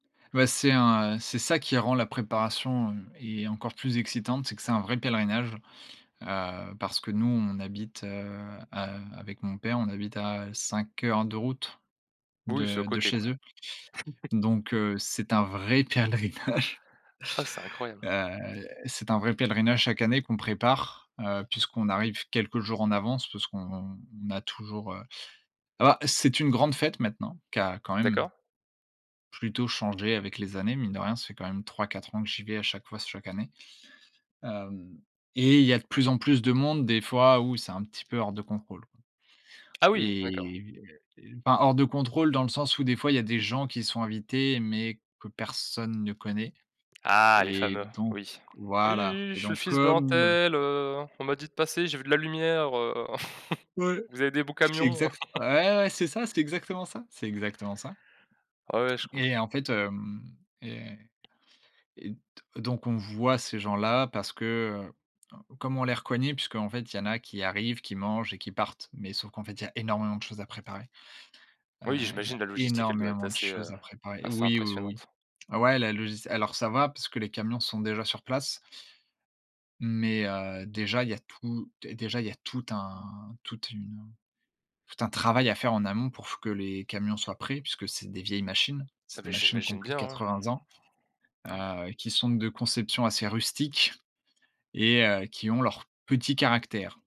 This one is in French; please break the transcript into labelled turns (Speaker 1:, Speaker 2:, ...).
Speaker 1: Bah, c'est un, heu, c'est ça qui rend la préparation, heu, et encore plus excitante. C'est que c'est un vrai pèlerinage, heu, parce que nous on habite, heu heu, avec mon père, on habite à 5 heures de route
Speaker 2: Oui, c'est à
Speaker 1: de de
Speaker 2: côté,
Speaker 1: chez
Speaker 2: quoi.
Speaker 1: eux, donc heu, c'est un vrai pèlerinage
Speaker 2: Ah, c'est incroyable!
Speaker 1: heu, c'est un vrai pèlerinage, chaque année, qu'on prépare, heu, puisqu'on arrive quelques jours en avance. Parce qu'on a toujours, heu ah, c'est une grande fête maintenant, qui a quand même
Speaker 2: D'accord.
Speaker 1: plutôt changé avec les années. Mine de rien, ça fait quand même 3-4 ans que j'y vais à chaque fois, chaque année, hem, et il y a de plus en plus de monde. Des fois, où c'est un petit peu hors de contrôle, quoi.
Speaker 2: Ah oui! D'accord.
Speaker 1: Et et enfin, hors de contrôle dans le sens où, des fois, il y a des gens qui sont invités, mais que personne ne connaît,
Speaker 2: Ah les
Speaker 1: et
Speaker 2: fameux!
Speaker 1: donc
Speaker 2: Oui, oui, oui,
Speaker 1: voilà,
Speaker 2: oui, oui,
Speaker 1: et
Speaker 2: «je suis le
Speaker 1: donc
Speaker 2: fils d'un
Speaker 1: comme
Speaker 2: tel, heu, on m'a dit de passer, j'ai vu de la lumière, heu,
Speaker 1: Ouais,
Speaker 2: vous avez des beaux
Speaker 1: c'est
Speaker 2: camions».
Speaker 1: exact ouais, c'est ça, c'est exactement ça, c'est exactement ça.
Speaker 2: Ah ouais, je
Speaker 1: Et
Speaker 2: comprends.
Speaker 1: en fait, hem, et et d donc on voit ces gens-là parce que, heu, comme on les reconnaît puisqu'en fait, il y en a qui arrivent, qui mangent et qui partent, mais sauf qu'en fait, il y a énormément de choses à préparer, heu,
Speaker 2: Oui,
Speaker 1: il y
Speaker 2: j'imagine,
Speaker 1: a
Speaker 2: la logistique, elle doit être
Speaker 1: énormément de
Speaker 2: assez, heu,
Speaker 1: choses à préparer.
Speaker 2: assez
Speaker 1: Oui, oui, oui,
Speaker 2: impressionnante.
Speaker 1: ouais, la logist alors ça va parce que les camions sont déjà sur place mais heu, déjà il y a tout dé déjà, il y a tout un toute une tout un travail à faire en amont pour f que les camions soient prêts. Puisque c'est des vieilles machines,
Speaker 2: Ah,
Speaker 1: c'est des
Speaker 2: beh,
Speaker 1: machines qui ont
Speaker 2: j'imagine
Speaker 1: plus de
Speaker 2: bien,
Speaker 1: 80 ans,
Speaker 2: ouais!
Speaker 1: heu, qui sont de conception assez rustique et heu, qui ont leur petit caractère.